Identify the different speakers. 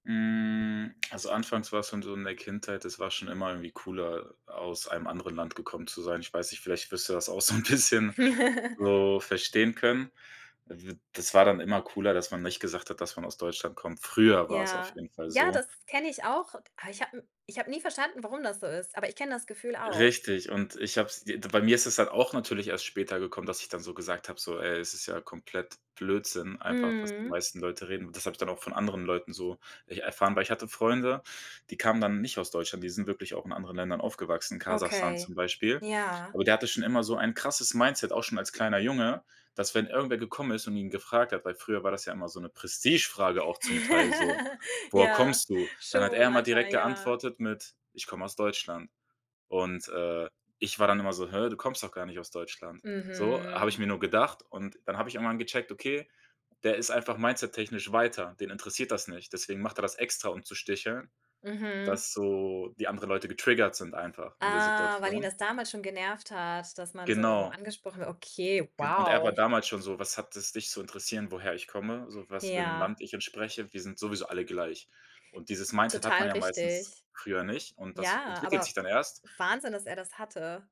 Speaker 1: Hm, also, anfangs war's dann so in der Kindheit, das war schon immer irgendwie cooler, aus einem anderen Land gekommen zu sein. Ich weiß nicht, vielleicht wirst du das auch so 'n bisschen so verstehen können. [unintelligible] Das war dann immer cooler, dass man nicht gesagt hat, dass man aus Deutschland kommt früher war's auf
Speaker 2: Ja,
Speaker 1: jeden Fall
Speaker 2: ja,
Speaker 1: so.
Speaker 2: das kenne ich auch, aber ich habe ich habe nie verstanden, warum das so ist, aber ich kenne das Gefühl auch.
Speaker 1: Richtig, und ich habe es d bei mir ist es dann auch natürlich erst später gekommen, dass ich dann so gesagt habe so: „Ey, es ist ja komplett Blödsinn einfach, was die
Speaker 2: Mhm.
Speaker 1: meisten Leute reden“, und das habe ich dann auch von anderen Leuten so erfahren, weil ich hatte Freunde, die kamen dann nicht aus Deutschland, die sind wirklich auch in anderen Ländern aufgewachsen, Kasachstan zum
Speaker 2: Okay,
Speaker 1: Beispiel.
Speaker 2: ja.
Speaker 1: Aber der hatte schon immer so ein krasses Mindset, auch schon als kleiner Junge, dass, wenn irgendwer gekommen ist und ihn gefragt hat weil früher war das ja immer so 'ne Prestigefrage auch zum Teil so: „Woher
Speaker 2: Ja,
Speaker 1: kommst du?“ Dann hat er
Speaker 2: schon
Speaker 1: immer direkt
Speaker 2: manchmal, ja.
Speaker 1: geantwortet mit: „Ich komme aus Deutschland.“ und, äh, ich war dann immer so: „Hä, du kommst doch gar nicht aus Deutschland.“ So, habe ich
Speaker 2: Mhm.
Speaker 1: mir nur gedacht und dann habe ich irgendwann gecheckt: „Okay, der ist einfach mindsettechnisch weiter, den interessiert das nicht. Deswegen macht er das extra, um zu sticheln,
Speaker 2: Mhm.
Speaker 1: dass so die anderen Leute getriggert sind einfach in der
Speaker 2: Ah, weil ihn
Speaker 1: Situation.“
Speaker 2: das damals schon genervt hat, dass man so
Speaker 1: Genau.
Speaker 2: angesprochen wu okay,
Speaker 1: Ge und er war
Speaker 2: wow.
Speaker 1: damals schon so: „Was hat es dich zu interessieren, woher ich komme, so, was für 'nem
Speaker 2: Ja.
Speaker 1: Land ich entspreche? Wir sind sowieso alle gleich.” Und dieses Mindset hat
Speaker 2: Total
Speaker 1: man ja meistens
Speaker 2: richtig.
Speaker 1: früher nicht und das
Speaker 2: Ja,
Speaker 1: entwickelt sich
Speaker 2: aber
Speaker 1: dann erst.
Speaker 2: Wahnsinn, dass er das hatte.